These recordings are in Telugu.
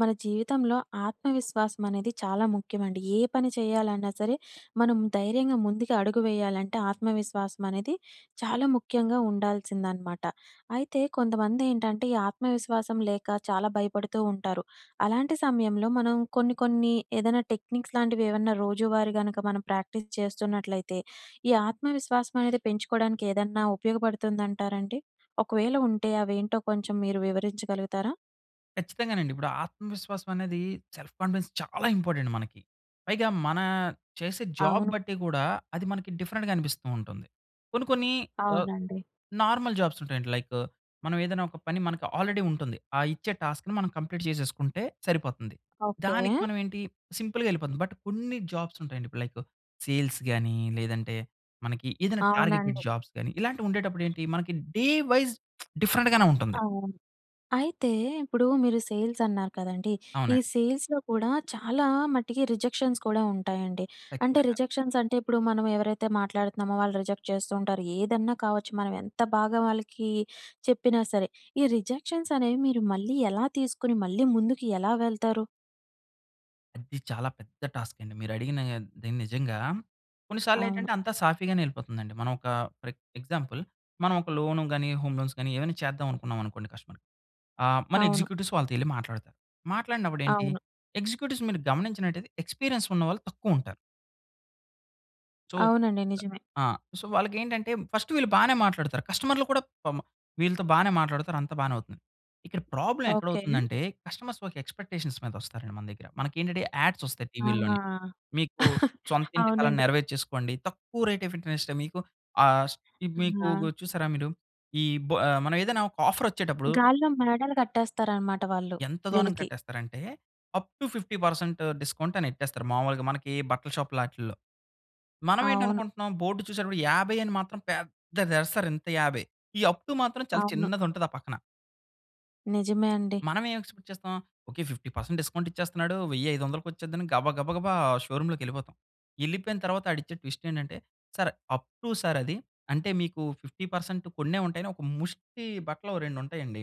మన జీవితంలో ఆత్మవిశ్వాసం అనేది చాలా ముఖ్యమండి. ఏ పని చేయాలన్నా సరే, మనం ధైర్యంగా ముందుకి అడుగు వేయాలంటే, ఆత్మవిశ్వాసం అనేది చాలా ముఖ్యంగా ఉండాల్సింది అనమాట. అయితే కొంతమంది ఏంటంటే, ఈ ఆత్మవిశ్వాసం లేక చాలా భయపడుతూ ఉంటారు. అలాంటి సమయంలో, మనం కొన్ని కొన్ని ఏదైనా టెక్నిక్స్ లాంటివి ఏవన్నా రోజువారీ గనక, మనం ప్రాక్టీస్ చేస్తున్నట్లయితే, ఈ ఆత్మవిశ్వాసం అనేది పెంచుకోవడానికి ఏదన్నా ఉపయోగపడుతుంది అంటారండి? ఒకవేళ ఉంటే అవేంటో కొంచెం మీరు వివరించగలుగుతారా? ఖచ్చితంగానండి. ఇప్పుడు ఆత్మవిశ్వాసం అనేది సెల్ఫ్ కాన్ఫిడెన్స్‌ చాలా ఇంపార్టెంట్ మనకి. పైగా మన చేసే జాబ్ అవును. బట్టి గూడా, అది మనకి డిఫరెంట్‌గా అనిపిస్తూ ఉంటుంది. కొన్ని కొన్ని ఆహ్, అవునండి. నార్మల్ జాబ్స్ ఉంటాయండి, లైకు మనం ఏదైనా ఒక పని, మనకు ఆల్రెడీ ఉంటుంది, ఆ ఇచ్చే టాస్క్‌ని మనం కంప్లీట్ చేసేసుకుంటే సరిపోతుంది. ఓకె. దానికి మనం ఏంటి, సింపుల్‌గా ఎళ్ళిపోది. బట్ కొన్ని జాబ్స్ ఉంటాయండి, ఇప్పుడు లైకు సేల్స్ గాని, లేదంటే మనకి ఏదైనా టార్గెటెడ్ అవునండి. జాబ్స్ గాని, ఇలాంటివి ఉండేటప్పుడు ఏంటి, మనకి డే వైస్ డిఫరెంట్‌ గానే ఉంటుంది. అవును. అయితే ఇప్పుడు మీరు సేల్స్ అన్నారు కదండీ! ఈ అవునండి. సేల్స్‌లో కూడా చాలా మటికి రిజెక్షన్స్ కూడా ఉంటాయండి. అంటే ఖచ్చితంగా! రిజెక్షన్స్ అంటే ఇప్పుడు మనం ఎవరైతే మాట్లాడుతున్నామో, వాళ్ళు రిజెక్ట్ చేస్తూంటారు, ఏదన్నా కావచ్చు, మనం ఎంత బాగా వాళ్ళకి చెప్పినా సరే. ఈ రిజెక్షన్స్ అనేవి మీరు మళ్ళీ ఎలా తీసుకొని, మళ్ళీ ముందుకు ఎలా వెళ్తారు? అది చాలా పెద్ద టాస్క్ అండి మీరు అడిగినాగానిది నిజంగా. కొన్ని సార్లు అవును. ఏంటంటే, అంతా సాఫీగానే వెళ్ళిపోతుందండి. మనం ఒక ఫర్ ఏక్ ఎగ్జాంపుల్ మనం ఒక లోను గాని, హోమ్ లోన్స్ గాని, ఏవైనా చేద్దాం అనుకున్నాం అనుకోండి కస్టమర్‌కి. ఆహ్, మన అవును. ఎగ్జిక్యూటివ్స్ వాళ్ళతో ఎళ్లి మాట్లాడతారు. మాట్లాడినప్పుడు ఏంటి అవును. ఎగ్జిక్యూటివ్స్ మీరు గమనించినటైతే, ఎక్స్‌పిరియన్స్ ఉన్న వాళ్ళు తక్కువ ఉంటారు. సో అవునండి నిజమే. ఆ! సో, వాళ్ళకెంటంటే, ఫస్ట్ వీళ్ళు బానే మాట్లాడుతారు, కస్టమర్‌లు కూడా పాపం వీళ్ళతో బానే మాట్లాడుతారు, అంతా బానే అవుతుంది. ఇక్కడ ప్రాబ్లమ్ ఎక్కడ ఓకె. అవుతుందంటే, కస్టమర్స్ ఒక ఎక్స్‌పెక్టేషన్స్ మీద వస్తారండి మన దగ్గర. మనకేంటంటే, యాడ్స్ ఓస్తాయి ఆహా! టీవీల్లోని, మీకు సొంత ఇంటి కలని అవునండి. నెరవేర్చేసుకోండి, తక్కువ రేట్ ఆఫ్ ఇంటర్నెస్ట్‌తో మీకు ఆహ్, స్ ఈ మీకు గు ఆ! చూశారా మీరు? ఈ బ మనం ఏదైనా ఒక ఆఫరొచ్చేటప్పుడు గాల్లో మేడలు కట్టేస్తారన్నమాట వాళ్ళు, ఎంత దోనం వీళ్ళకి. కట్టేస్తరంటే, 'అప్ టు 50% డిస్కౌంట్ అని ఎట్టేస్తారు, మాములుగా మనకి బట్టల షాప్ లాటిల్లో. మనం ఏంటి అవును. అనుకుంటున్నాం బోర్డు చూసేటప్పుడు, 50 అని మాత్రం పెద్దది ఏస్తరు ఇంత 50. ఈ అప్ టు మాత్రం చాలా అవును. చిన్నది ఉంటది, ఆ పక్కన. నిజమే అండి. మనం ఏమి ఎక్స్‌పెక్ట్ చేస్తాం. ఓకే 50% డిస్కౌంట్ ఇచ్చేస్తున్నాడు, 1000, 500లకు వచ్చేద్దని గబా, గబా, గబా షోరూమ్ లోకెళ్ళిపోతాం. ఎళ్ళిపోయిన తర్వాత, ఆడు ఇచ్చే ట్విస్ట్ ఏంటంటే, "సార్ అప్ టూ సార్ అది. అంటే మీకు 50% కొన్నే ఉంటాయి. అని ఒక ముష్టి బట్టలు, ఒక రెండు ఉంటాయండి.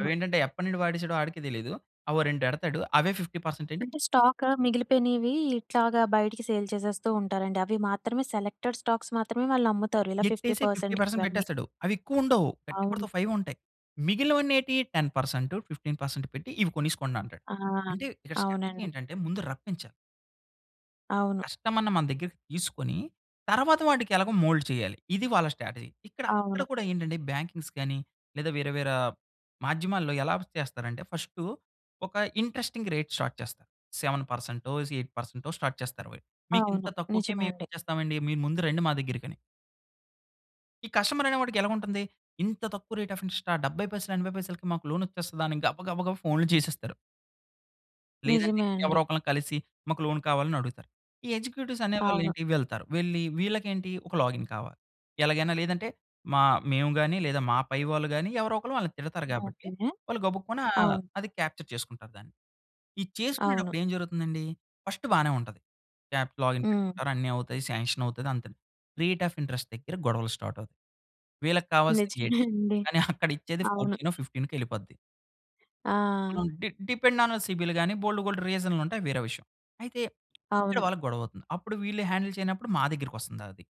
అవి ఏంటంటే, ఎప్పటి నుండి వాడేసాడో, ఆడికే తెలీదు అవి ఓ రెండు ఎడతాడు, అవే 50% అండి. అంటే స్టాకు మిగిలిపోయినవి, ఇట్లాగా బయటికి సేల్ చేసేస్తూ ఉంటారండి. అవి మాత్రమే సెలెక్టెడ్ స్టాక్స్ మాత్రమే వాళ్ళు అమ్ముతారు. ఇలా ఫిఫ్టీ ఎట్టేసి, ఫిఫ్టీ పర్సెంట్‌కి పర్సంట్ ఇవన్నీ. పెట్టేస్తాడు. అవి ఎక్కువ ఉండవు. గట్టిగ కొడితే అవును. ఓ ఫైవే ఉంటాయి. మిగిలినవన్ని ఏటి 10%, 15% పెట్టి, "ఇవి కొనేసుకోండి" అంటాడు. ఆ! అంటే, ఇక్కడ స్ట్రాటజీ అవునండి. ఏంటంటే ముందు రప్పించాలి. అవును. కస్టమర్‌ని మన దగ్గరకి తీసుకొని తర్వాత వాడికెలాగో మోల్డ్ చేయాలి. ఇది వాళ్ళ స్ట్రాటజీ. ఇక్కడ అక్కడ అవును. కూడా ఏంటంటే బ్యాంకింగ్స్ గానీ, లేదా వేరే వేరే మాధ్యమాల్లో ఎలా ప్ చేస్తారంటే ఫస్టు ఒక ఇంట్రెస్టింగ్ రేట్ స్టార్ట్ చేస్తారు. 7%టో జ్ 8%టో స్టార్ట్ చేస్తారు వాళ్ళు. "మీకింత అవును, తక్కువకే నిజమే మేము అండి. చేస్తామండి మీరు ముందు రండి మా దగ్గరకి" అని. ఈ కస్టమర్ అనేవాడికి ఎలాగుంటుంది? "ఇంత తక్కువ రేట్ అఫ్ ఇంట్రెస్టా? 70 పైసలు 80 పైసలకి మాకు లోనొచ్చేస్తదా!" అని గబ గబ గబ ఫోన్‌లు చేసేస్తారు. లేదంటే నిజమే ఎవరో అండి. ఒకల్ని కలిసి మాకు లోన్ కావాలని అడుగుతారు. ఈ ఎగ్జిక్యూటివ్స్ అవును. అనేవాళ్ళెంటి? వెళ్తారు. వెళ్లి వీళ్ళకేంటి ఒక లాగిన్ కావాలి. ఎలాగైనా లేదంటే మా మేము గాని, లేదా మా పైవాళ్ళు గాని ఎవరో ఒకలు వాళ్ళని తిడతారు గాబట్టి. ఓకె. వాళ్ళు గబుక్కున అవును. అది క్యాప్చర్ చేసుకుంటారు దాన్ని. ఈ అవును. చేసుకునేటప్పుడేం జరుగుతుందండి? ఫస్ట్ బానే ఉంటది. యాప్ లాగిన్ హ్మ్. పెట్టుకుంటారు. అన్నీ అవుతాయి. సాంక్షన్ అవుతది అంతె. రేట్ అఫ్ ఇంట్రెస్ట్ దగ్గర గొడవలు స్టార్ట్ అవుతాయి. వీళ్ళకి కావాల్సింది నిజమే 8. అండి. కానీ అక్కడ ఇచ్చేది అవును. 14నొ 15కొ ఎళ్ళిపోద్ది. ఆ! డి డిపెండ్ ఆన్ సిబిల్ గాని బోలెడు బోలెడు రీజన్‌లుంటాయి అవి వేరే విషయం. అయితే ఇక్కడ అవును. వాళ్ళకి గొడవ అవుతుంది. అప్పుడు వీళ్ళు హాండిల్ చేయనప్పుడు మా దగ్గరికొస్తుంది అది.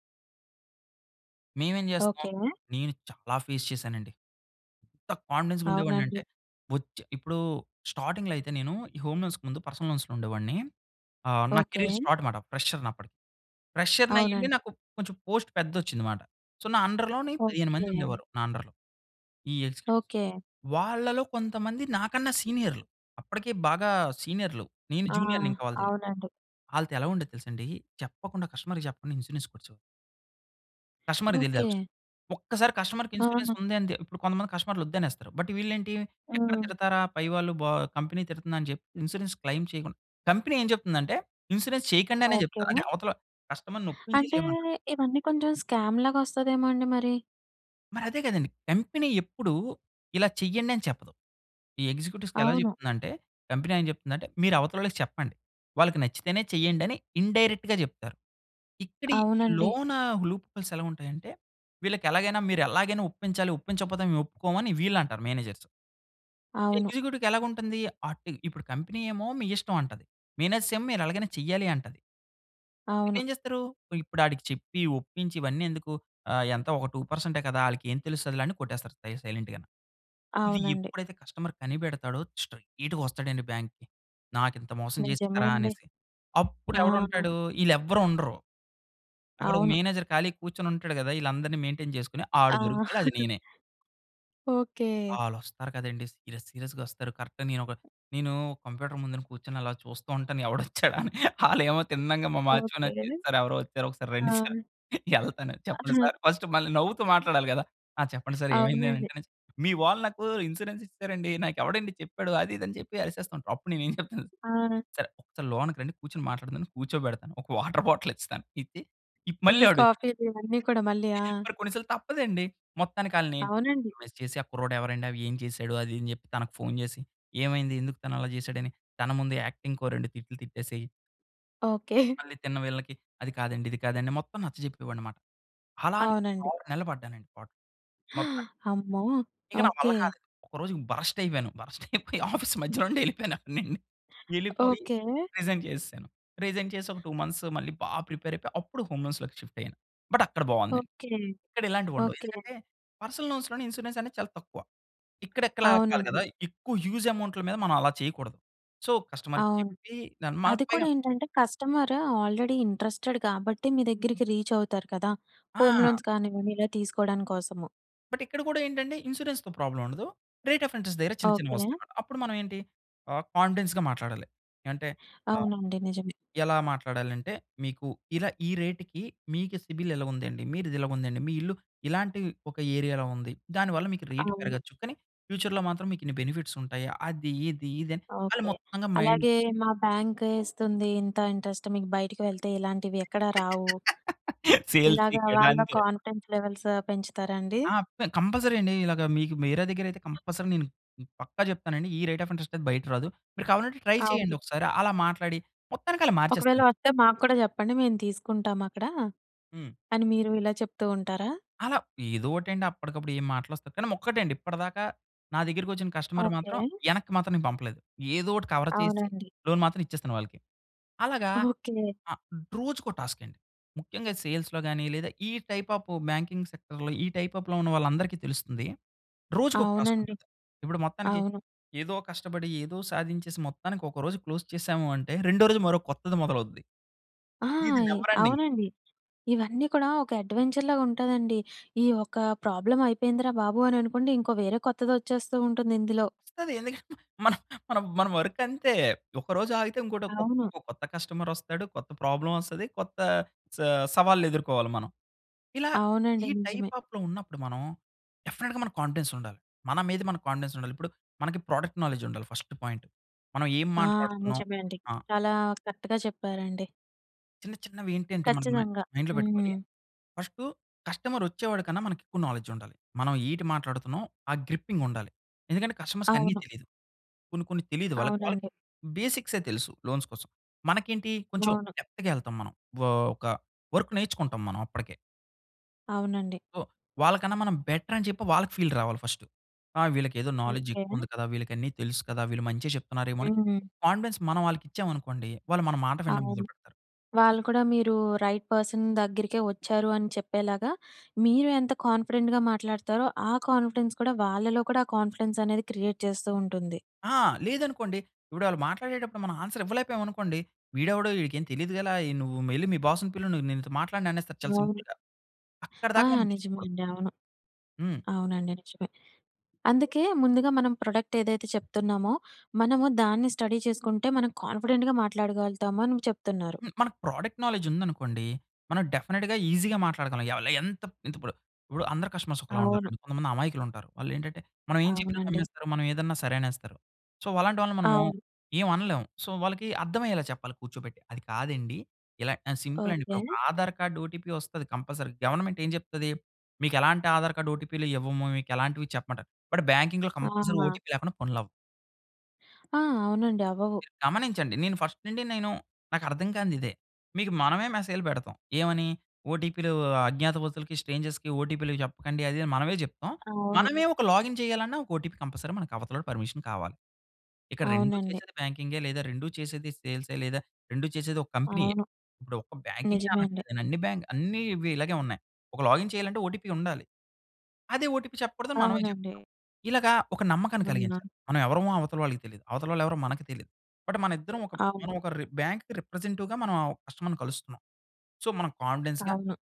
మేమేం జేస్తాం. ఓకె. నేను చాలా ఫేస్ చేశానండి. ఎంత కాన్ఫిడెన్స్‌గా అవునండి. ఉండేవాడినంటే, వచ్చె ఇప్పుడు స్టార్టింగ్‌లో అయితే నేను ఈ హోమ్ లోన్స్‌కి ముందు పర్సనల్ లోన్స్‌లో ఉండేవాడిని. ఆహ్, నా ఓకె. కేరియర్ స్టార్ట్ మాట. ఫ్రెషర్‌ని అప్పటికి, ప్రెషర్‌ని అయ్యుండి, అవునండి. నాకు కొంచెం పోస్ట్ పెద్దది ఒచ్చింది మాట. సో, నా అండర్‌లోని 15 మంది ఓకె. ఉండేవారు, నా అండర్‌లో. ఈ ఎగ్జిక్యూటివ్స్, ఓకె. వాళ్ళలో కొంతమంది, నాకన్నా సీనియర్లు. అప్పటికే బాగా సీనియర్లు. నేను ఆ! జూనియర్‌నింకా వాళ్ళ దగ్గర. అవునండి. ఆళ్ళతో ఎలా ఉండేదో తెలుసా అండి? చెప్పకుండా కస్టమర్‌కి చెప్పకుండా, ఇన్సూరెన్స్ కొట్టే కస్టమర్‌కి తెలిదు ఆ విషయం. ఓకె. ఒక్కసారి కస్టమర్‌కి ఇన్స్యూరెన్స్ ఆ! ఉందని తే ఇప్పుడు కొంతమంది కస్టమర్‌లు వద్దనేస్తారు. బట్ వీళ్ళు ఏంటి ఎక్కడ హ్మ్. తిడతారా పై వాళ్ళు, బా కంపెనీ తిడుతుందని చెప్పి ఇన్స్యూరెన్స్ క్లెయిం చేయకుం కంపెనీ ఏం చెప్తుందంటే ఇన్స్యూరెన్స్ చేయకండి అనే ఓకె. జెప్తారు. అంటే, అవతల కస్టమర్‌ని ఒప్పించే అంటే చేయమంటారు. ఇవన్నీ కొంచెం స్కామ్‌లాగా వస్తాదేమో! అండి మరి? మరదే గదండీ! కంపెనీ ఎప్పుడూ ఇలా చేయండి, అని చెప్పదు. ఈ ఎగ్జిక్యూటివ్స్‌కి ఎలా అవును. చెప్తుందంటే కంపెనీ ఏం చెప్తుందంటే, "మీరు అవతలోళ్ళకి చెప్పండి. వాళ్ళకి నచ్చితేనే చేయండి" అని ఇన్‌డైరెక్ట్‌గా జెప్తారు. ఇక్కడి ఈ అవునండి. లోనా, లూప్ హోల్స్ ఎలా ఉంటాయంటే, వీళ్ళకి ఎలాగైనా "మీరు ఎలాగైనా ఒప్పించాలి, ఒప్పించకపోతే మేము ఒప్పుకోమని" వీళ్ళంటారు మేనేజర్స్. అవును. ఎగ్జిక్యూటివ్‌కి ఎలాగా ఉంటంది? అటు ఇప్పుడు కంపెనీ ఏమో "మీ ఇష్టం" అంటది. మేనేజ్ర్స్ "మీరు ఎలాగైనా చేయాలి" అంటది. అప్పుడు అవును. ఏం చేస్తారు? ఇప్పుడు ఆడికి చెప్పి, ఒప్పించి, ఇవన్నీ ఎందుకు? ఆహ్, ఎంత ఒకా 2 పర్సంటే కదా! ఆళ్ళకి ఏం తెలుస్తదిలే, అని కొట్టేస్తారు సై సైలెంట్‌గాని. ఇది అవునండి. ఎప్పుడైతే కస్టమర్ కనిపెడతాడో స్ట్రెయిట్‌గా వస్తాడండి బ్యాంక్‌కి. "నాకు ఇంత మోసం నిజమే జేస్తారా?" అండి. అనేసి. అప్పుడు ఆ! ఎవడుంటాడు? ఈళ్ళు ఎవ్వరూ ఉండరు. అక్కడ ఒక అవును. మేనేజర్ ఖాళీగా కూర్చొని ఉంటాడు గదా! ఈళ్ళందరిని మెయిన్‌టెయిన్ చేసుకొని, ఆడు ఆ! దొరుకుతాడు. అది నేనే. ఓకె. ఆల్లొస్తారు కదండీ! సీరియస్ సీరియస్‌గా వస్తారు. కరెక్ట్‌గా నేను ఒక నేను కంప్యూటర్ ముందున కూర్చొని అలా చూస్తా ఉంటాను. ఎవడొచ్చాడా? అని, ఆలు ఏమో తిన్నంగా, మా వాచ్మాన్ వచ్చి ఓకె. "సర్ ఎవరో వచ్చారు ఒకసారి రండి సార్" ఆ! యెళ్తాను. చెప్పండి ఆహా! సార్ ఫస్ట్ మళ్ళీ నవ్వుతూ మాట్లాడాలి గదా! ఆ చెప్పండి సార్ ఏమైంది అవునండి. అంటే, "మీ వాళ్ళు నాకు ఇన్స్యూరెన్స్ ఇచ్చారండి. నాకు ఎవడండి చెప్పాడు" అది ఇది అని చెప్పి, అరిసేస్తూ ఉంటారు. అప్పుడు నేను ఏం చెప్తాను ఆ! సర్, సర్ లోనకి రండి కూర్చొని మాట్లాడదాం అని కూర్చోబెడతాను. ఒక వాటర్ బాటిల్ ఇస్తాను. ఇచ్చి ఇ టీ, మళ్ళీ అడుగుతాను. కాఫీలు ఇవన్నీ కూడా మళ్ళీ. ఆ! మరి కొన్నిసార్లు తప్పదండి. మొత్తానికి ఆళ్ళని అవునండి. ఐస్ చేసి ఆ కుర్రాడు ఎవరండి? ఏం చేసాడు? అది ఇది అని చెప్పి, తనకు ఫోన్ జేసి ఏమైంది? ఎందుకు తను అలా జేసాడు అని తన ముందు యాక్టింగ్‌కి ఓ 2 తిట్లు తిట్టేసేయి ఓకె. మళ్ళీ తిన్న వీళ్ళకి అది కాదండి, ఇది కాదండి మొత్తం నచ్చజెప్పేవాడినన్నమాట. అలా నేను అవునండి. 6 నెలలు పడ్డానండి పాట్లు, మొత్తానికి. అమ్మో! ఇక నా వల్ల ఓకె. కాలేదు. ఒకరోజు బరస్ట్ అయిపోయాను. బరస్ట్ అయిపోయి ఆఫీస్ మధ్యలో నుండే ఎళ్ళిపోయాను అప్పుడు నేను. యెళ్ళిపోయి ఓకె. రీజైన్ చేసేసాను. రీజైన్ చేసి ఒక 2 మంత్స్ మళ్ళీ బా ప్రిపేర్ అయిపోయి. అప్పుడు హోమ్ లోన్స్‌లోకి షిఫ్ట్ అయ్యాను. బట్ అక్కడ బావుంది. ఓకె. ఇక్కడ ఇలాంటివి ఉండవు. ఓకె. ఎందుకంటే, పర్సనల్ లోన్స్‌లోని ఇన్స్యూరెన్స్ అనేది చాలా తక్కువ. ఇక్కడ ఇలాగ కాదు అవునండి. కదా! ఎక్కువ హ్యూజ్ అమౌంట్‌ల మీద మనం అలా చేయకూడదు. సో కస్టమర్‌కి అవును. చెప్పి దాని మన అది పైగా కూడా ఏంటంటే కస్టమర్ ఆల్రెడీ ఇంట్రెస్టెడ్ కాబట్టి, మీ దగ్గరికి రీచ్ అవుతారు కదా! హోమ్ ఆ! లోన్స్ కానివ్వండి ఇలా తీసుకోవడం కోసము. బట్ ఇక్కడ గూడా ఏంటంటే, ఇన్స్యూరెన్స్‌తో ప్రాబ్లమ్ ఉండదు. రేట్ ఆఫ్ ఇంటరెస్ట్ దగ్గర, చిన్న చిన్నవి ఓకె. వస్తాయన్నమాట. అప్పుడు మనం ఏంటి? ఆహ్, కాన్ఫిడెన్స్‌గా మాట్లాడాలి. అంటే ఆహ్, అవునండి, నిజమే. ఎలా మాట్లాడాలంటే? మీకు, ఇలా ఈ రేట్‌కి మీకు సిబిల్ ఇలా ఉందండి. మీది ఇలాగుందండి. మీ ఇల్లు ఇలాంటి ఒక ఏరియాలో ఉంది. దానివల్ల మీకు రేట్ అవును. పెరగొచ్చు. కానీ ఫ్యూచర్‌లో మాత్రం మీకు ఇన్ని బెనిఫిట్స్ ఉంటాయి. అది ఇది ఇది అని వాళ్ళు ఓకె. మొత్తంగా మైండ్ అలాగే మా బ్యాంకకే ఇస్తుంది. ఇంత ఇంట్రెస్ట్ మీకు బయటికి వెళ్తే, ఇలాంటివి ఎక్కడా రావు. సేల్స్ ఇలాగ ఇక్కడ వాళ్ళ అంతే. కాన్ఫిడెన్స్ లెవెల్స్ పెంచుతారా అండి? ఆ! అబ్బె! కంపల్సరీ అండి ఇలాగ మీకు, మేరా దగ్గర అయితే కంపల్సరీ నేను పక్కా జెప్తానండి. ఈ రేట్ ఆఫ్ ఇంటరెస్ట్ అయితే బయట రాదు. మీరు కావాలంటే ట్రై అవును. జేయండి ఒకసారి. అలా మాట్లాడి, మొత్తానికి అలా ఒకవేళ మార్చేస్తాను. వస్తే మాకు కూడా చెప్పండి. మేము తీసుకుంటాము అక్కడ హ్మ్. అని మీరు ఇలా చెప్తూ ఉంటారా? అలా ఏదో ఓటండి. అప్పటికప్పుడు ఏం మాటలొస్తే కానీ, మ్ ఒక్కటండి. ఇప్పటిదాకా నా దగ్గరకి వచ్చిన కస్టమర్ ఓకె. మాత్రం, యెనక్కి మాత్రం నేను పంపలేదు. ఏదో ఒకటి కవర్ చేసి అవునండి. లోన్ మాత్రం ఇచ్చేస్తాను వాళ్ళకి. అలాగా ఓకె. ఆహ్, రోజుకో టాస్క్ అండి. ముఖ్యంగా సేల్స్‌లో గానీ, లేదా ఈ టైప్ ఆఫ్ బ్యాంకింగ్ సెక్టర్‌లో ఈ టైప్ ఆ‌ఫ్‌లో ఉన్న వాళ్ళందరికీ తెలుస్తుంది. రోజుకొక టాస్క్ అవునండి. ఉంటుంది. ఇప్పుడు మొత్తానికి అవును. ఏదో కష్టపడి, ఏదో సాధించేసి, మొత్తానికి ఒక రోజు క్లోజ్ చేశాము అంటే, రెండో రోజు మరో కొత్తది మొదలవుద్ది. ఇది ఆయ్! Never ending. అవునండి ఇవన్నీ కూడా ఒక అడ్వెంచర్‌లాగా ఉంటదండి. ఈ ఒక ప్రాబ్లమ్ అయిపోయిందిరా బాబు అని అనుకోండి. ఇంకో వేరే కొత్తదొచ్చేస్తూ ఉంటుంది, ఇందులో. వస్తది ఎందుకంటే, మన, మన వర్క్ అంతే. ఒకరోజు ఆగితే ఇంకోటి అవును. ఇంకో కొత్త కస్టమర్ వస్తాడు. కొత్త ప్రాబ్లమ్ వస్తది. కొత్త స సవాళ్ళెదుర్కోవాలి మనం. ఇలా అవునండి ఈ టైప్ నిజమే. ఆఫ్‌లో ఉన్నప్పుడు మనం డెఫినెట్‌గా మన కాన్ఫిడెన్స్ ఉండాలి. మన మీద మనకి కాన్ఫిడెన్స్ ఉండాలి. ఇప్పుడు మనకి ప్రొడక్ట్ నాలెడ్జ్ ఉండాలి ఫస్ట్ పాయింట్. మనం ఏం ఆ! మాట్లాడుతున్నాం. నిజమే అండి. ఆ! చాలా కరెక్ట్‌గా చెప్పారండి. చిన్న, చిన్నవి ఏంటంటే మనకి మ ఖచ్చితంగా. మైండ్‌లో పెట్టుకోవాలి. హ్మ్. ఫస్టు కస్టమరొచ్చేవాడి కన్నా మనకు ఎక్కువ నాలెడ్జుండాలి. మనం ఏటి మాట్లాడుతున్నాం ఆ గ్రిప్పింగుండాలి. ఎందుకంటే కస్టమర్స్‌కన్నీ అవును. తెలీదు. కొన్ని, కొన్ని తెలీదు వాళ్ళకి, వాళ్ళకి అవునండి. బేసిక్సే తెలుసు లోన్స్ కోసం. మనకేంటి కొంచెం అవును. డెప్త్‌గా వెళ్తాం మనం. వో ఒక వర్కు నేర్చుకుంటాం, మనం అప్పడికే. అవునండి. ఓహ్, వాళ్ళకన్నా మనం బెటరని చెప్పి వాళ్ళకి ఫీల్ రావాలి ఫస్టు. ఆ! వీళ్ళకేదో నాలెడ్జ్ ఓకె. ఎక్కువుంది కదా! వీళ్ళకన్ని తెలుసు కదా! వీళ్ళు మంచే చెప్తున్నారేమో! అని హ్మ్. కాన్ఫిడెన్స్ మనం ఆళ్ళకిచ్చాం అనుకోండి, వాళ్ళు మన మాట వినడం మొదలు అవును. పెడతారు. వాళ్ళు కూడా మీరు రైట్ పర్సన్ దగ్గరికే వచ్చారు అని చెప్పేలాగా, మీరే ఎంత కాన్ఫిడెంట్‌గా మాట్లాడతారో, ఆ కాన్ఫిడెన్స్ కూడా, వాళ్ళలో కూడా ఆ కాన్ఫిడెన్సనేది క్రియేట్ చేస్తూ ఉంటుంది. ఆ! లేదనుకోండి, ఇపుడు ఆళ్ళు మాట్లాడేటప్పుడు మనం ఆన్సర్ ఇవ్వలేకపోయామనుకోండి, వీడెవడో ఈడికేమి తెలియదు గల ఏ, నువ్వు ఎల్లి మీ బాస్‌ని పిలు, నేన్నీతో మాట్లాడననేస్తారు. చాలా అవును. సింపుల్‌గా. అక్కడి ఆ! దాకా మనం నిజమే తెచ్చుకోకూడదు. అండి. అవును. హ్మ్. అవునండి, నిజమే. అందుకే ముందుగా మనం ప్రొడక్టేదైతే చెప్తున్నామో, మనము దాన్ని స్టడీ చేసుకుంటే, మనం కాన్ఫిడెంట్‌గా మాట్లాడగలుగుతాము అని చెప్తున్నారు. హ్మ్, మనకు ప్రోడక్ట్ నాలెడ్జ్ ఉందనుకోండి. మనం డెఫినిట్‌గా ఈజీగా మాట్లాడగలం ఎవలు, ఎంతప్ ఇంతిప్పుడు. ఇప్పుడు అందరూ కస్టమర్స్ ఒకలా అవును. ఉండరండి. కొంతమంది అమాయకులుంటారు. వాళ్ళేంటంటే, మనం ఏం చెప్పినా అవునండి. నమ్మేస్తారు, మనం ఏదన్నా సరే అనేస్తారు. సో, అలాంటి వాళ్ళని మనము అవును. ఏవనలేము. సో, వాళ్ళకి అర్థవయ్యేలా చెప్పాలి, కూర్చోబెట్టి. అది కాదండి, ఇలా ఎ సింపులండి, ఓకె. ఇప్పుడొక ఆధారు కార్డు ఓటీపీ వస్తది కంపల్సరీ. గవర్నమెంట్ ఏం చెప్తది, మీకెలాంటి ఆధారు కార్డు ఓటీపీలు ఇవ్వము, మీకెలాంటివి చెప్పమంటారు. బట్, బ్యాంకింగ్‌లో కంపల్సరీ ఆ! ఓటీపీ లేకుండా పనులవ్వవు. ఆ! అవునండి. అవ్వవు. మీరు గమనించండి. నేను ఫస్ట్ నుండి నేను నాకర్థం కానిది ఇదే. మీకు మనమే మెసేజ్‌లు పెడతాం. ఏమని? ఓటీపీలు అజ్ఞాతవసులకి, స్ట్రేంజర్స్‌కి ఓటీపీలు జెప్పకండి అది అని మనమే జెప్తాం. అవును. మనమే ఒక లాగిన్ చేయాలన్నా ఒక ఓటీపీ కంపల్సరీ మనకు అవతలోడు పర్మిషన్ కావాలి. ఇక్కడ 2 అవునండి. చేసేది బ్యాంకింగే లేదా 2 చేసేది సేల్సె లేదా 2 చేసేది ఒక కంపెనీయే. అవును. ఇప్పుడు ఒక్క బ్యాంకింగె నిజమే అండి. అనట్లేదు. అన్ని బ్యాంక్ అన్నీ ఇవి ఇలాగే ఉన్నాయి. ఒక లాగిన్ చేయాలంటే, ఓటీపీ ఉండాలి. అదే ఓటీపీ చెప్పకూడదు అని మనమే అవునండి. జెప్తాం. ఇలాగ ఒక నమ్మకాన్ని అవునా! కలిగించాలి. మనమేవరమో అవతల వాళ్ళకి తెలీదు. అవతల వాళ్ళు ఎవరో మనకు తెలియదు. బట్ మన ఇద్దరం ఒక అవు మనం ఒక రి బాంక్‌కి రిప్రజెంటవ్‌గా మనం ఆ కస్టమర్‌ని కలుస్తున్నాం. సో మనం కాన్ఫిడెన్స్‌గా అవును.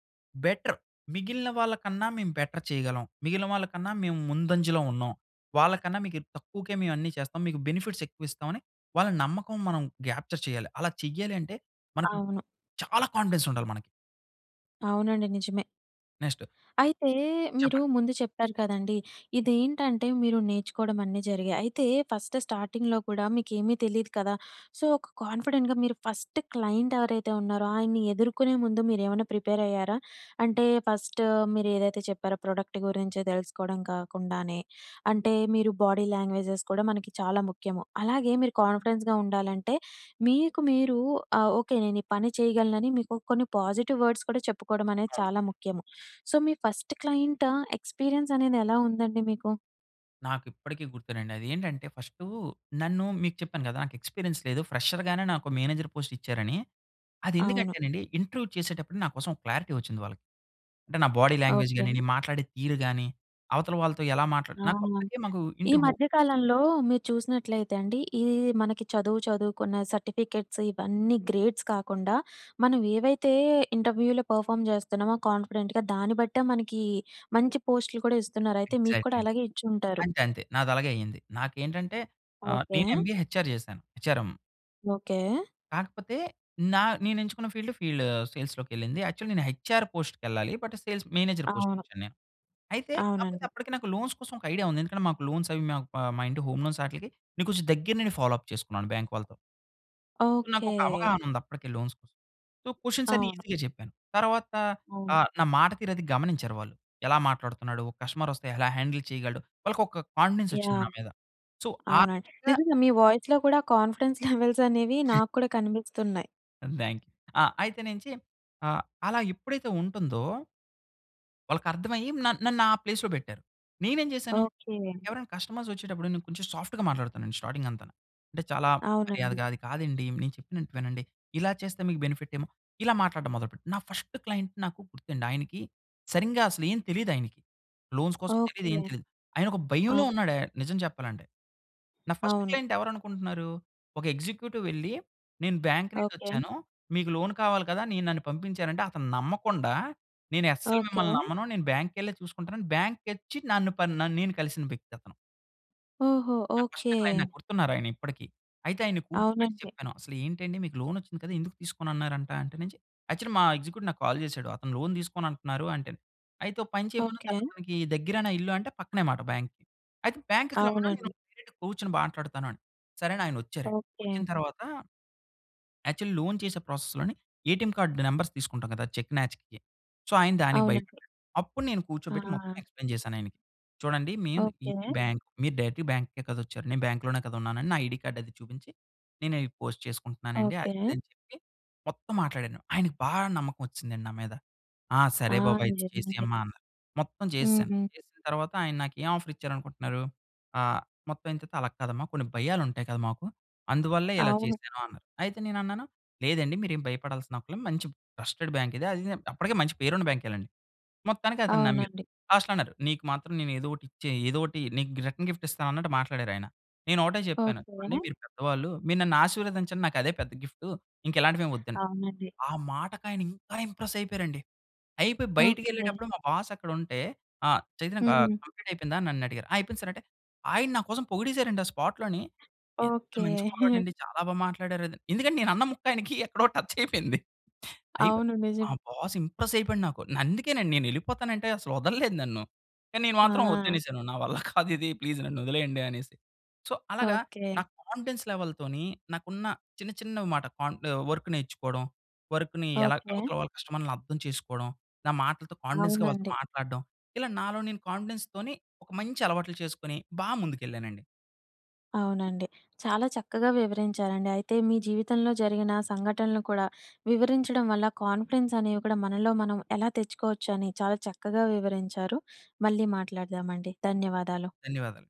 బెటర్ మిగిలిన వాళ్ళకన్నా మేము బెటర్ చేయగలం. మిగిలిన వాళ్ళకన్నా మేము ముందంజలో ఉన్నాం. వాళ్ళ కన్నా మీకేక్ తక్కువకే మేమన్నీ చేస్తాం. మీకు బెనిఫిట్స్ ఎక్కువ ఇస్తామని వాళ్ళ నమ్మకం మనం గ్యాప్చర్ చేయాలి. అలా చేయాలి అంటే మనకి అవును. చాలా కాన్ఫిడెన్స్ ఉండాలి మనకి. అవునండి, నిజమే. నెక్స్ట్. అయితే మీరు చెప్పండి. ముందు చెప్పారు కదండీ! ఇదేంటంటే మీరు నేర్చుకోవడం అన్నీ జరిగాయి. అయితే ఫస్ట్ స్టార్టింగ్‌లో కూడా మీకేమీ తెలీదు కదా! సో ఒక కాన్ఫిడెంట్‌గా మీరు ఫస్ట్ క్లైంట్ ఎవరైతే ఉన్నారో ఆయన్ని ఎదుర్కొనే ముందు మీరేమన్నా ప్రిపేర్ అయ్యారా? అంటే ఫస్ట్ మీరేదైతే చెప్పారో ప్రోడక్ట్ గురించి తెలుసుకోవడం కాకుండానే అంటే మీరు బాడీ లాంగ్వేజెస్ కూడా మనకి చాలా ముఖ్యము. అలాగే మీరు కాన్ఫిడెన్స్‌గా ఉండాలంటే మీకు మీరు ఆహ్, ఓకె. నేను ఈ పని చేయగలనని మీకు కొన్ని పాజిటివ్ వర్డ్స్ కూడా చెప్పుకోవడం అనేది అవును. అవును. చాలా ముఖ్యము. సో మీ ఫస్ట్ క్లైంట్ ఎక్స్పీరియన్స్ అనేది ఎలా ఉందండి మీకు? నాకిప్పటికీ గుర్తేనండి. అదేంటంటే ఫస్టూ నన్ను మీకు చెప్పాను గదా! నాకు ఎక్స్పీరియన్స్ లేదు ఫ్రెషర్ గానే నాకు మేనేజర్ పోస్ట్ ఇచ్చారని. అవును. అదెందుకంటేనండీ ఇంటర్వ్యూ చేసేటప్పుడు నా కోసం ఓ క్లారిటీ ఒచ్చింది వాళ్ళకి. అంటే నా బాడీ లాంగ్వేజ్ ఓకె. గాని అండి, మాట్లాడే తీరు గాని అవతల వాళ్ళతో ఎలా మాట్లాడ ఆ! నాకొక్కడికే మాకు ఈ ఇన్‌టుహొ మధ్యకాలంలో, మీరు చూసినట్లయితే అండి ఈ ఈ మనకి చదువు చదువుకున్న సర్టిఫికేట్స్ ఇవన్నీ గ్రేడ్స్ కాకుండా, మనం ఏవైతే ఇంటర్వ్యూలో పర్ఫార్మ్ జేస్తనామో కాన్ఫిడెంట్‌గా దాని బట్టే, మనకీ మంచి పోస్టులు కూడా ఇస్తున్నారు. అయితే, మీక్కూడా ఎగ్జాక్ట్‌లీ. అలాగే ఇచ్చుంటారు. అంతే, అంతే. నాదలాగే అయింది. నాకేంటంటే ఆహ్, ఓకె. నీను ఎంబీఏ హెచ్ ఆర్ జేశాను. H R M. ఓకె. కాకపోతే, నా నేనెంచుకున్న ఫీల్డ్ ఫీల్డ్ సేల్స్‌లోకెళ్ళింది. యాక్చువల్‌గా నేను హెచ్ ఆర్ పోస్ట్‌కెళ్ళాలి. బట్ సేల్స్ మేనేజర్ అవును. పోస్ట్‌కొచ్చేను నేను. అయితే, కాపోతే అవునండి. అప్పటికి నాకు లోన్స్ కోసం ఒక ఐడియా ఉంది. ఎందుకంటే, మాకు లోన్స్ అవి మాక్ ఆహ్, మా ఇంటి హోమ్ లోన్స్ ఆటిలికి నే కొంచెం దగ్గర నుండి ఫాలో అప్ చేసుకున్నాను బాంక్ వాళ్ళతో. ఓకె. నాకొక అవగాహన ఉందప్పటికే లోన్స్ కోసం. సో, క్వెషన్స్ అన్నీ అవును. ఈజీగా చెప్పాను. తర్వాత అవును. ఆహ్, నా మాట తీరది గమనించారు వాళ్ళు. ఎలా మాట్లాడుతున్నాడు? ఒక కస్టమరొస్తే, ఎలా హ్యాండిల్ చేయగలడు, వాళ్ళకొక కాన్ఫిడెన్సొచ్చింది యాహ్! నా మీద. సో, ఆ అవునండి. విధంగా నిజంగా మీ వాయిస్‌లో కూడా, కాన్ఫిడెన్స్ లెవెల్స్ అనేవి, నాక్కూడా కనిపిస్తున్నాయి. దెన్ ఆహ్, అయితే నించి, ఆహ్, అలా ఎప్పుడైతే ఉంటుందో. వాళ్ళకి అర్థమయ్యి న నన్ను ఆ ప్లేస్‌లో పెట్టారు. నేనేం చేశాను, ఓకె. ఎవరైనా కస్టమర్స్ వచ్చేటప్పుడు, నేను కొంచెం సాఫ్ట్‌గా మాట్లాడుతానుండి. స్టార్టింగ్ అంతా. అంటే, చాలా అవునండి. మర్యాదగా "అది కాదండి, నేను చెప్పినట్టు వినండి, ఇలా చేస్తే మీకు బెనిఫిట్ ఏమొ" ఇలా మాట్లాడటం మొదలు పెట్ట. నా ఫర్స్ట్ క్లయింట్ నాకు గుర్తండి, ఆయనకి సరింగా అసలు ఏం తెలీదు. ఆయనకి లోన్స్ కోసం తెలియదు, ఓకె. ఏం తెలీదు. ఆయన ఒక భయంలో అ! ఉన్నాడు, ఆహ్, నిజం చెప్పాలంటే. నా ఫస్ట్ అవును. క్లయింట్ ఎవరు అనుకుంటున్నారు? ఒక ఎగ్జిక్యూటివ్ వెళ్లి, నేను బ్యాంక్ ఓకె. నుండొచ్చాను. మీకు లోన్ కావాలి కదా, నే నన్ను పంపించారంటే, అతను నమ్మకుండా "నేను అస్సలు ఓకె. మిమ్మల్ని నమ్మను. నేను బ్యాంక్ కెళ్ళే చూసుకుంటాను" అని బ్యాంక్‌కి అచ్చి నన్ను, ప నే నేను కలిసిన వ్యక్తి అతను. ఓహో! నా ఓకె. ఫస్ట్ క్లయింట్ నాకు గుర్తున్నారు ఆయన ఇప్పటికి. అయితే ఆయన్ని కూర్చోబెట్టి అవునండి. చెప్పాను. "అసలు ఏంటండి మీకు లోన్ వచ్చింది కద, ఎందుకు తీసుకోనున్నారంట" అంటే, యాక్చువల్లి మా ఎగ్జిక్యూటివ్, నాకు కాల్ చేశాడు. అతను లోన్ తీసుకోను అంటున్నారు అంటే, అయితే ఒక పని చేయమను, ఓకె. అతనికి దగ్గరేనా ఇల్లు అంటే, పక్కనే మాట బ్యాంక్‌కి అయితే బ్యాంక్‌కి రమ్మను, నేను అవునండి. డైరెక్ట్ కూర్చొని మాట్లాడుతాను అని. సరే అని, ఆయన వచ్చారండి. ఓకె. వచ్చిన తర్వాత, యాక్చువలి లోన్ చేసే ప్రాసెస్‌లోని, ఏటీఎం కార్డ్ నంబర్స్ తీసుకుంటాం కదా! చెక్ మ్యాచ్‌కి. సో, ఆయన దానికి అవునండి. భయపడ్డాడు. అప్పుడు నేను ఆ! కూర్చోబెట్టి మొత్తం ఎక్స్‌ప్లయిన్ చేశాను ఆయనకి. చూడండి, మేం ఓకె. ఇది బ్యాంక్, మీరు డైరెక్ట్‌గా బ్యాంక్‌కే కదా వచ్చారు. నేను బ్యాంక్‌లోనే కదా ఉన్నానని, నా ఐడీ కార్డ్ అది చూపించి, నేను అయి పోస్ట్ చేసుకుంటున్నానండి. అది ఓకె. ఇది అని చెప్పి, మొత్తం మాట్లాడాను. ఆయనకి బాగా నమ్మకం వచ్చిసిదండి, నా మీద. "ఆ! ఆ! సరే బాబు అయితే నిజమే అండి. చేసేయమ్మా" అన్నారు, మొత్తం చేసేసాను. హ్మ్. చేసిన తర్వాత, ఆయన నాకు, ఏం ఆఫర్ ఇచ్చారనుకుంటున్నారు? ఆహ్, మొత్తం అయిన తర్వాత "అలాగ కాదమ్మా కొన్ని భయాలు ఉంటాయి కదా! మాకు అందువల్లే ఇలా అవును. చేశాను" అన్నారు. అయితే నేను అన్నాను లేదండి, మీరేం భయపడాల్సిన అక్కర్లేదు, మంచి ట్రస్టెడ్ బ్యాంక్ ఇది. అది ఇది, అప్పటికే, మంచి పేరు ఉన్న బ్యాంకే లెండి. మొత్తానికి అతను నమ్మారు. అవునండి. లాస్ట్‌లో అన్నారు "నీకు మాత్రం నేను ఏదో ఒకటి ఇచ్చే ఏదో ఒకటి నీకు రిటర్న్ గిఫ్ట్ ఇస్తాను" అన్నట్టు మాట్లాడారు, ఆయన. నేను ఒకటే చెప్పాను. ఓకె. చూడండి మీరు పెద్దవాళ్ళు, మీరు నన్ను ఆశీర్వదించండి. నాకు అదే పెద్ద గిఫ్టు ఇంకెలాంటివేమి వద్దండి. అవునండి. ఆ మాటకి ఆయన, ఇంకా ఇంప్రెస్ అయిపోయారండి. అయిపోయి, బయటికి ఓకె. ఎళ్ళేటప్పుడు మా బాస్ అక్కడ ఉంటే, "ఆహ్, చైతన్య ఆహ్, హ్మ్. కంప్లీట్ అయిపోయిందా?" అని నన్ను అడిగారు, "ఆ! అయిపోయింది సార్" అంటే, ఆయన నా కోసం పొగిడేసారండి, ఆ స్పాట్‌లోని. ఎంత ఓకె. మంచి కుర్రాడు అండి, చాలా బాగా మాట్లాడారు. ఎందుకంటే నేను అన్న ముక్క ఆయనికి ఎక్కడో టచ్ అయిపోయింది. అయి అవును, మా నిజమే. బాస్ ఇంప్రెస్ అయిపోయాడు, నాకు. అందుకేనండి, నేనెళ్ళిపోతాను అంటే అసలు వదల్లేదు నన్ను. కానీ నేను మాత్రం ఆ! వద్దనేసాను. "నా వల్ల కాదు ఇది ప్లీజ్ నన్ను వదిలేయండి" అనేసి. సో అలాగా, ఓకె. నా కాన్ఫిడెన్స్ లెవెల్‌తోని, నాకున్న చిన్న చిన్న మాట, కంఫ వర్క్ నేర్చుకోవడం. వర్క్‌ని ఎలా ఓకె. అవతల వాళ్ళ కస్టమర్లని అర్థం చేసుకోడం. నా మాటలతో కాన్ఫిడెన్స్‌గా వాళ్ళతో అవునండి. మాట్లాడడం. ఇలా నాలో నేను కాన్ఫిడెన్స్ తోని, ఒక మంచి అలవాట్లు చేసుకొని, బా ముందుకెళ్ళానండి. అవునండి. చాలా చక్కగా వివరించారండి. అయితే మీ జీవితంలో జరిగిన సంఘటనలు కూడా వివరించడం వల్ల, కాన్ఫిడెన్స్ అనేవి కూడా మనలో మనం ఎలా తెచ్చుకోవచ్చో అని, చాలా చక్కగా వివరించారు. మళ్ళీ మాట్లాడదామండి. ధన్యవాదాలు. ధన్యవాదాలు.